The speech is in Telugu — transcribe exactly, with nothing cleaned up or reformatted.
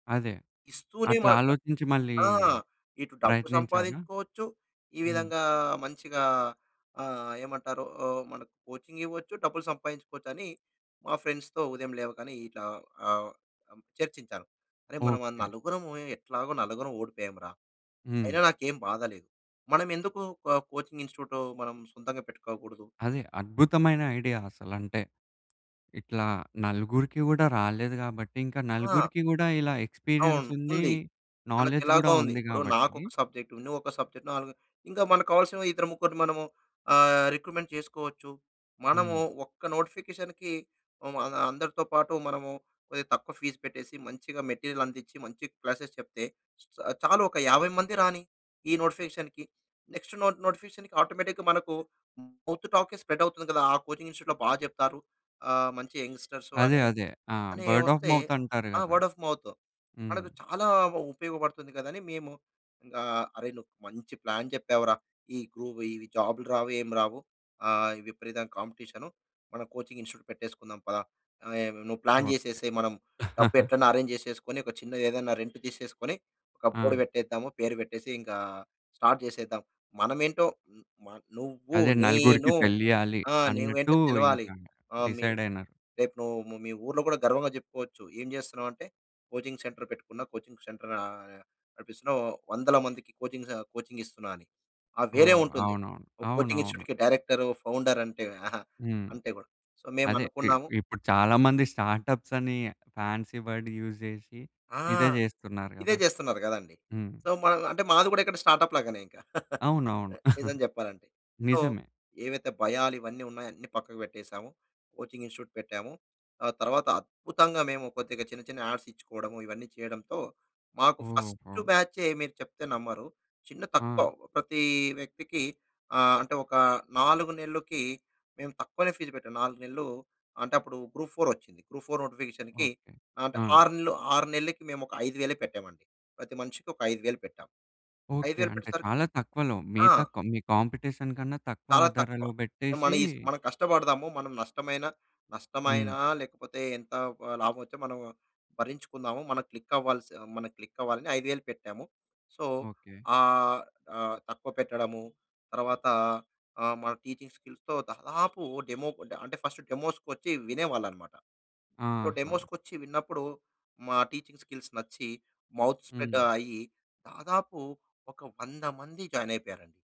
అదే! అట్లా ఇస్తూనేమాట. ఆలోచించి మళ్ళీ ఆ! ఇటు డబ్బు ప్రయత్నించారా? సంపాదించుకోవచ్చు. ఈ హ్మ్. విధంగా మంచిగా ఆహ్, ఏమంటారు? ఆహ్, మనకు కోచింగ్ ఇవ్వచ్చు, డబ్బులు సంపాదించుకోవచ్చని మా ఫ్రెండ్స్‌తో ఉదయం లేవగానే ఇట్లా ఆహ్, అం చర్చించాను. అరె! మనం అం ఓకే. నలుగురము ఎట్లాగో నలుగురం ఓడిపోయామురా! అయినా హ్మ్. నాకేం బాధ లేదు. మనమెందుకు కో కోచింగ్ ఇన్‌స్టిట్యూట్ మనం సొంతంగా పెట్టుకోకూడదు? అది అద్భుతమైన ఐడియా అసలంటే, ఇట్లా నలుగురికి గూడా రాలేదు గాబట్టి, ఇంక ఆ! నలుగురికి కూడా ఇలా ఎక్స్‌పీరియన్స్ అవును. ఉంది. ఉంది. నోలెడ్జ్ గూడా మనకెలాగో ఉంది. ఉంది ఇప్పుడు కాబట్టి నాకొక సబ్జెక్ట్, నువ్వొక సబ్జెక్ట్ నాలుగు ఇంకా మనకు కావాల్సిన ఇద్దరు, ముగ్గురిని మనము ఆహ్, రిక్రూట్మెంట్ చేసుకోవచ్చు. మనము హ్మ్. ఒక్క నోటిఫికేషన్‌కి అం అందరితో పాటు మనము కొదిగా తక్కువ ఫీజ్ పెట్టేసి, మంచిగా మెటీరియల్ అందిచ్చి, మంచి క్లాసెస్ చెప్తే, చాలు ఒక యాభై మంది రాని, ఈ నోటిఫికేషన్‌కి. నెక్స్ట్ నోట్ నోటిఫికేషన్‌కి ఆటోమేటిక్‌గా మనకు మౌత్ టాక్కే స్ప్రెడ్ అవుతుంది కదా! ఆ కోచింగ్ ఇన్‌స్టిట్యూట్‌లో బాగా చెప్తారు. ఆహ్, మంచి యంగ్‌స్టర్సు అదే! అని, అదే! ఆహ్, అని బర్డ్ ఆఫ్ ఒస్తే మౌత్ అంటారు ఆ! కదా! Word of mouth. హ్మ్. మనకు చాలా ఉపయోగపడుతుంది కదా! అని మేము ఆహ్, అరేయ్! నువ్వు మంచి ప్లాన్ చెప్పావురా. ఈ గ్రూ ఈ జాబులు రావు ఏమి రావు. ఆహ్, ఈ విపరీతమైన కాంపిటీషను. మనం కోచింగ్ ఇన్‌స్టిట్యూట్ పెట్టేసుకుందాం పదా! ఆహ్, నువ్వు ప్లాన్ ఓకే. చేసేసేయ్ మనం డబ్బు ఎట్లైనా అరేంజ్ చేసేసుకొని ఒక చిన్నది ఏదన్నా రెంట్ తీసేసుకొని, ఒక బోర్డ్ ఆ! పెట్టేద్దాము పేరు పెట్టేసి ఇంకా స్టార్ట్ చేసేద్దాం. మనమేంటో హ్మ్, మ నువ్వు అదే! నలుగురికి నేను తెలియాలి ఆ! నువ్వేంటో అన్నట్టు తెలవాలి. ఇంకా ఆహ్, మీ డిసైడైనారు. రేపు నువ్వు మీ ఊర్లో కూడా గర్వంగా చెప్పుకోవచ్చు. ఏం చేస్తున్నావ్ అంటే, కోచింగ్ సెంటర్ పెట్టుకున్న, కోచింగ్ సెంటర్ ఆహ్, నడిపిస్తున్నా. వందల మందికి కోచింగ్ స కోచింగ్ ఇస్తున్నా అని. ఆ! వేరే ఓహ్! ఉంటుంది. అవునవును. ఒక కోచింగ్ అవునవును. ఇన్‌స్టిట్యూట్‌కి డైరెక్టరు, ఫౌండర్ అంటే. ఆహా! హ్మ్. అంటే కూడా. సో, మేము అదే! ఇ అనుకున్నాము ఇప్పుడు చాలా మంది స్టార్‌టప్స్ అని, ఫాన్సీ వర్డ్ యూజ్ జేషి ఆ! ఇదే జేస్తున్నారు ఇదే కదా! చేస్తున్నారు కదండీ! హ్మ్. సో, మ అంటే మాది గూడా ఇక్కడ స్టార్ట్ అప్ లాగానే ఇంకా. అవునవును. నిజం చెప్పాలంటే. సో, నిజమే. ఏవైతే భయాలు ఇవన్నీ ఉన్నాయో అన్ని పక్కకు పెట్టేసాము. కోచింగ్ ఇన్‌స్టిట్యూట్ పెట్టాము. ఆ తర్వాత అద్భుతంగా మేము కొద్దిగా చిన్న, చిన్న యాడ్స్ ఇచ్చుకోవడము, ఇవన్నీ చేయడంతో మాకు ఫస్ట్ ఓహో! బ్యాచే మీరు చెప్తే నమ్మరు. చిన్న తక్కువ ఆ! ప్రతి వ్యక్తికి ఆహ్, అంటే ఒక నాలుగు నెల్లు‌కి మేము తక్కువనే ఫీజ్ పెట్టాం. నాలుగు నెల్లు అంటేప్పుడు గ్రూప్-4 ఒచ్చింది. గ్రూప్-4 నోటిఫికేషన్‌కి ఓకే. అంటే, ఆ! ఆరు నెల్లు ఆరు నెల్లు‌కి, మేమొక ఐదు వేలే పెట్టామండి. ప్రతి మనిషికి ఒక ఐదు వేలు పెట్టాం. ఐదు ఓకే. వేలు అంటే పెట్టేసరికి చాలా తక్కువలో ఆ! మిగతా కా మీ కాంపిటీషన్ కన్నా తక్కువ చాలా తక్కువ. ధరలో పెట్టేషి మనీస్ మనం కష్టపడదాము. మనం నష్టమైన, హ్మ్. నష్టమైనా లేకపోతే ఎంత ఆ, హ్ లాభం వచ్చి మనం భరించుకుందాము. మనం క్లిక్ అవ్వాలి స్ మనం క్లిక్ అవ్వాలని ఐదు వేలు పెట్టాము. So, okay. ఆహ్, ఆహ్, తక్కువ పెట్టడము, తరవాత ఆహ్, మన టీచింగ్ స్కిల్స్‌తో దాదాపు డెమో ఆహ్, అంటే ఫస్ట్ డెమోస్‌కొచ్చి వినేవాళ్ళన్నమాట. సొ, ఆహా! డెమోస్‌కొచ్చి విన్నప్పుడు మా టీచింగ్ స్కిల్స్ నచ్చి మౌత్ స్ప్రెడ్ హ్మ్. అయ్యి దాదాపు ఒక వంద మంది జాయిన్ అయిపోయారండి.